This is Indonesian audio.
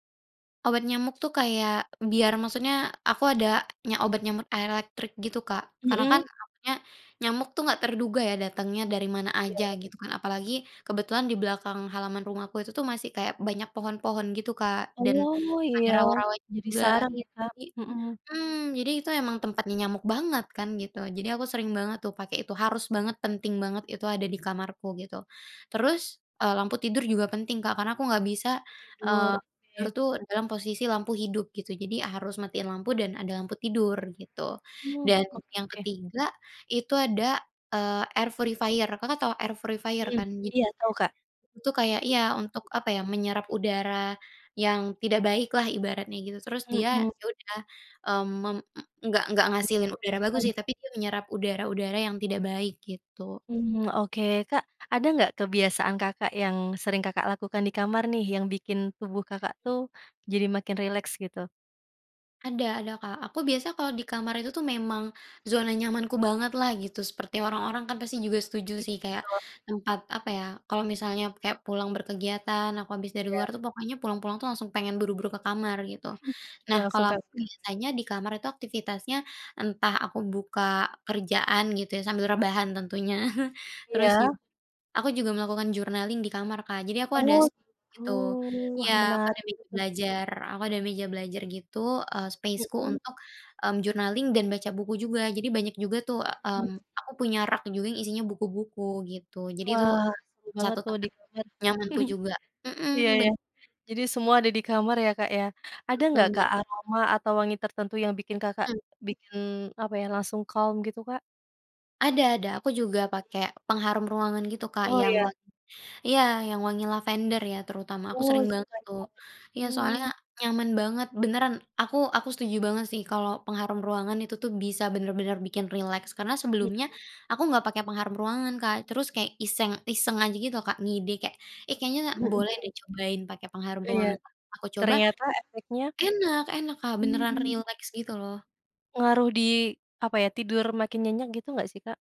Obat nyamuk tuh kayak, biar maksudnya aku ada nya obat nyamuk elektrik gitu, Kak. Karena kan Mhm. takutnya nyamuk tuh enggak terduga ya datangnya dari mana saja Iya. gitu kan. Apalagi kebetulan di belakang halaman rumahku itu tuh masih kayak banyak pohon-pohon gitu Kak dan, Oh ada iya, rawa-rawa jadi juga saran iya ya, Kak? jadi Mhm. mmm, jadi itu emang tempatnya nyamuk banget kan gitu. Jadi aku sering banget tuh pakai itu, harus banget, penting banget, itu ada di kamarku gitu. Terus, eee, lampu tidur juga penting Kak, karena aku enggak bisa, Hmm, buat tidur, eee, tidur oke. tuh dalam posisi lampu hidup gitu. Jadi ya harus matiin lampu dan ada lampu tidur gitu, Iya, dan oke yang oke. ketiga itu ada, eee, air purifier, Kakak tahu air purifier Mhm, kan jadi, iya tahu, Kak. itu kayak iya untuk, Wangi. apa ya, menyerap udara, yang tidak baik lah ibaratnya gitu terus dia Mhm. ya udah, mmm, mem enggak enggak Iya, itu ngehasilin udara bagus makanya. sih, tapi dia menyerap udara-udara yang tidak baik, gitu. Hmm, oke. Kak ada enggak kebiasaan Kakak yang sering Kakak lakukan di kamar nih, yang bikin tubuh Hmm. Kakak tuh, jadi makin rileks, gitu? Ada ada Kak, aku biasa kalau di kamar itu tuh memang, zona nyamanku banget lah gitu. Seperti orang-orang kan pasti juga setuju Gitu. sih kayak, tempat apa ya, kalau misalnya kayak pulang berkegiatan, aku habis dari luar Iya. tuh pokoknya pulang-pulang tuh langsung pengen buru-buru ke kamar, gitu. Udah Nah langsung kalau aku masuk kamar ya. biasanya di kamar itu aktivitasnya, entah aku buka kerjaan gitu ya sambil rebahan tentunya. Terus jug Iya. aku juga melakukan journaling di kamar Kak, jadi aku ada Oh, set gitu. gitu. Wah Iya, pakai menarik meja itu. belajar, aku ada meja belajar gitu, eee, space-ku Mhm. untuk, mmm, journaling dan baca buku juga. Jadi banyak juga tuh, e Mhm. mmm, aku punya rak juga yang isinya buku-buku gitu, jadi itu Wah, seru banget 1 tuh di tempat kamar. nyamanku juga, Iya mhm, ben iya. Jadi semua ada di kamar ya, Kak, ya. Ada enggak Betul Kak Kak. aroma atau wangi tertentu yang bikin Kakak, Mmm. bikin, apa ya, langsung calm gitu, Kak? Ada ada, aku juga Iya. pakai pengharum ruangan gitu Kak Oh, yang iya. wangi iya, yang wangi lavender ya terutama, aku Oh, sering banget tuh. sukanya, [unintelligible] Iya, soalnya mmm. nyaman banget beneran, aku aku setuju banget sih kalau pengharum ruangan itu tuh bisa bener-bener bikin rileks karena Mhm. sebelumnya, aku enggak pakai pengharum ruangan Kak, terus kayak iseng-iseng aja gitu loh Kak, ngide kayak, "Eh, kayaknya Heeh boleh deh heeh. cobain pakai pengharum Iya, ruangan." Pas aku coba ternyata efeknya? enak enak Kak, Hmm, beneran iya. rileks gitu loh. Ngaruh di, apa ya, tidur makin nyenyak gitu enggak sih, Kak?